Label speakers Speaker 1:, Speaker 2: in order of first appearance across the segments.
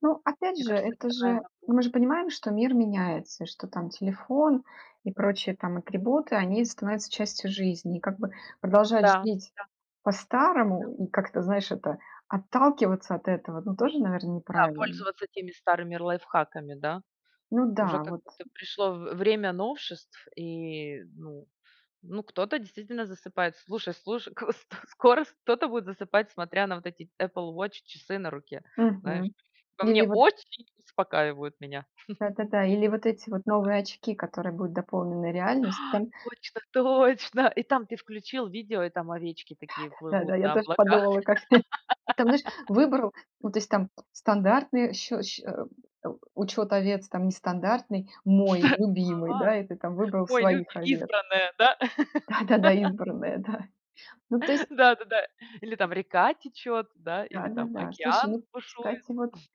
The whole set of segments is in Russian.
Speaker 1: Ну, опять
Speaker 2: Мне
Speaker 1: же,
Speaker 2: кажется, это
Speaker 1: это
Speaker 2: такая
Speaker 1: же, ну, мы же
Speaker 2: нагрузка.
Speaker 1: понимаем, что мир меняется, и что там телефон и прочие там атрибуты они становятся частью жизни. И как бы продолжать
Speaker 2: Да,
Speaker 1: жалеть
Speaker 2: да. Да.
Speaker 1: по-старому и как-то, знаешь, это отталкиваться от этого, ну, тоже, наверно,
Speaker 2: Да.
Speaker 1: неправильно.
Speaker 2: Пользоваться теми старыми лайфхаками, да?
Speaker 1: Ну
Speaker 2: Уже
Speaker 1: да,
Speaker 2: как
Speaker 1: вот.
Speaker 2: будто пришло в время новшеств и ну, ну, кто-то действительно засыпает. Слушай, слушай, к сто скоро с кто-то будет засыпать, смотря на вот эти Apple Watch часы на руке. Знаешь?
Speaker 1: Мгм.
Speaker 2: По мне
Speaker 1: Или вот
Speaker 2: очень успокаивают меня.
Speaker 1: да-да-да. Или вот эти вот
Speaker 2: Та да.
Speaker 1: новые очки, которые будут дополнены
Speaker 2: А,
Speaker 1: реальностью. Там
Speaker 2: точно точно и там ты включил видео и там овечки такие
Speaker 1: Да-да,
Speaker 2: плывут
Speaker 1: да я
Speaker 2: на
Speaker 1: тоже
Speaker 2: облаках.
Speaker 1: подумала как теперь, и там знаешь, выбрал, ну, то есть, там стандартный щ щ э, э, у учёт овец, там нестандартный мой, любимый,
Speaker 2: А.
Speaker 1: да, и ты там выбрал
Speaker 2: Мой люби
Speaker 1: своих овец.
Speaker 2: избранная, да.
Speaker 1: Да-да-да, избранная, да. Ну, то есть
Speaker 2: Да-да-да. Или там река течёт да, или там
Speaker 1: Да-да-да. Слушай,
Speaker 2: океан
Speaker 1: ну
Speaker 2: бушует.
Speaker 1: кстати вот,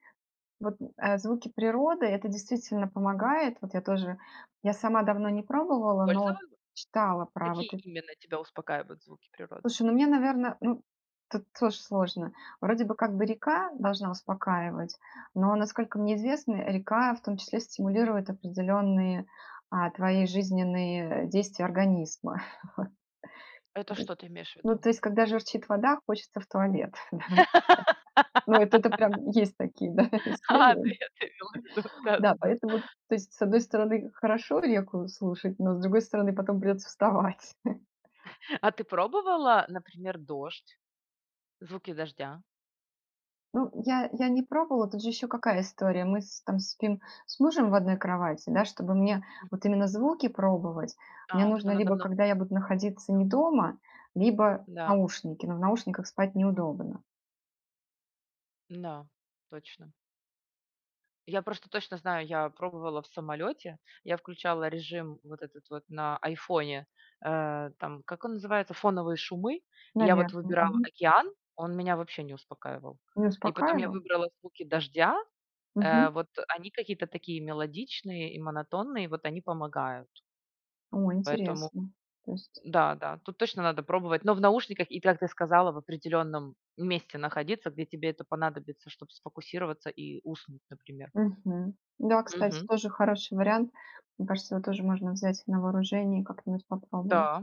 Speaker 1: вот, э, звуки природы это действительно помогает. Вот я тоже, я сама давно не пробовала, но
Speaker 2: Пользовалу
Speaker 1: читала про вот
Speaker 2: Какие
Speaker 1: эт
Speaker 2: именно тебя успокаивают звуки природы?
Speaker 1: Слушай, ну мне, наверно, ну тут тоже сложно. Вроде бы как бы река должна успокаивать, но насколько мне известно, река в том числе стимулирует определённые, э, твои жизненные действия организма.
Speaker 2: Это
Speaker 1: Вот. Ну, то есть,
Speaker 2: что ты имеешь в
Speaker 1: ну
Speaker 2: виду?
Speaker 1: то есть когда журчит вода, хочется в туалет давай так. Ну, это-то прям есть такие, да,
Speaker 2: А,
Speaker 1: исследования.
Speaker 2: ты это имела в виду,
Speaker 1: Да,
Speaker 2: да-да-да.
Speaker 1: поэтому, то есть, с одной стороны хорошо реку слушать, но с другой стороны потом придется вставать.
Speaker 2: А ты пробовала, например, дождь? Звуки дождя?
Speaker 1: Ну, я я не пробовала, тут же ещё какая история мы с там спим с мужем в одной кровати, да, чтоб мне
Speaker 2: М.
Speaker 1: вот именно звуки пробовать, мне
Speaker 2: А, тогда
Speaker 1: нужно
Speaker 2: надо в
Speaker 1: либо когда
Speaker 2: наушни
Speaker 1: я буду находиться
Speaker 2: Да.
Speaker 1: не дома, либо
Speaker 2: Да.
Speaker 1: наушники, но в наушниках спать неудобно.
Speaker 2: Н-да, точно. Я просто точно знаю, я пробовала в самолёте, я включала режим вот этот вот на iPhone, э, там, как он называется, фоновые шумы. И я вот
Speaker 1: Наверно,
Speaker 2: выбирала
Speaker 1: мгм.
Speaker 2: океан, он меня вообще не успокаивал.
Speaker 1: Не
Speaker 2: И потом я
Speaker 1: успокаивал?
Speaker 2: выбрала звуки дождя. Э,
Speaker 1: Мгм.
Speaker 2: вот, э, они какие-то такие мелодичные и монотонные. Вот они помогают.
Speaker 1: О,
Speaker 2: Поэтому,
Speaker 1: интересно. То есть
Speaker 2: да, да, тут точно надо пробовать. Но в наушниках, и так ты сказала, в определённом месте находиться, где тебе это понадобится, чтоб сфокусироваться и уснуть, например.
Speaker 1: Мгм. Да, кстати,
Speaker 2: Мгм.
Speaker 1: тоже хороший вариант. Мне кажется, его тоже можно взять на вооружение, и как-нибудь попробовать.
Speaker 2: Да.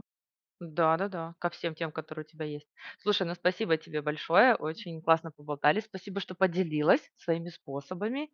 Speaker 2: Да да-да. Ко всем тем, которые у тебя есть. Слушай, ну спасибо тебе большое. Очень классно поболтали. Спасибо, что поделилась своими способами.